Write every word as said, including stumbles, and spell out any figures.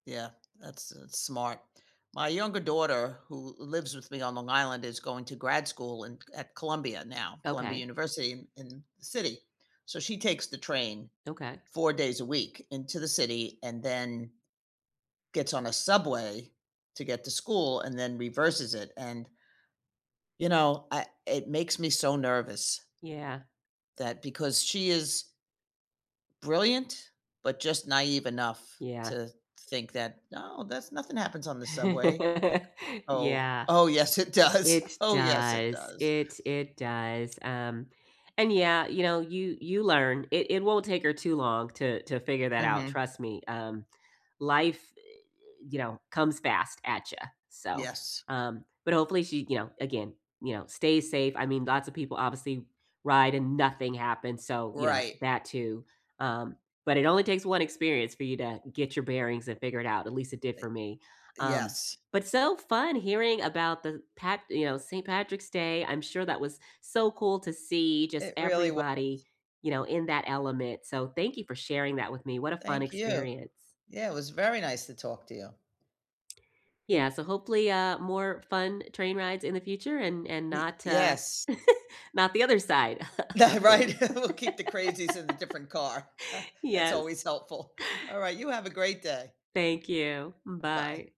Yeah, that's that's smart. My younger daughter who lives with me on Long Island is going to grad school in at Columbia now Columbia Okay. University in in the city, so, she takes the train Okay. four days a week into the city and then gets on a subway to get to school and then reverses it and you know, I it makes me so nervous. Yeah. That because she is brilliant, but just naive enough Yeah. to think that, "No, that's nothing happens on the subway." Like, "Oh, Yeah, oh yes it does. it Oh yes, it does does." it it does, um, and yeah, you know, you you learn. It it won't take her too long to to figure that out, Mhm. trust me, um, life eh eh, you know, comes fast, at ya, so, Yes. um, but hopefully she you know, again you know, stays safe. I mean, lots of people obviously ride and nothing happens, so, you know, Right. that too, um, but it only takes one experience for you, uh, to get your bearings, and figure it out, at least it did Eh, for me, um, yes. but so fun hearing about the pat you know, Saint Patrick's Day. I'm sure that was so cool to see just It really was. everybody, you know, in that element, so, thank you for sharing that with me. What a fun Thank you. experience. Yeah, it was very nice to talk to you. Yeah, so hopefully, uh, more fun train rides in the future and and Y not uh, yes. not the other side Yeah, of things. right, we'll keep the crazies in a different car. That's Yes. always helpful. Alright, you have a great day. Thank you, Bye. bye.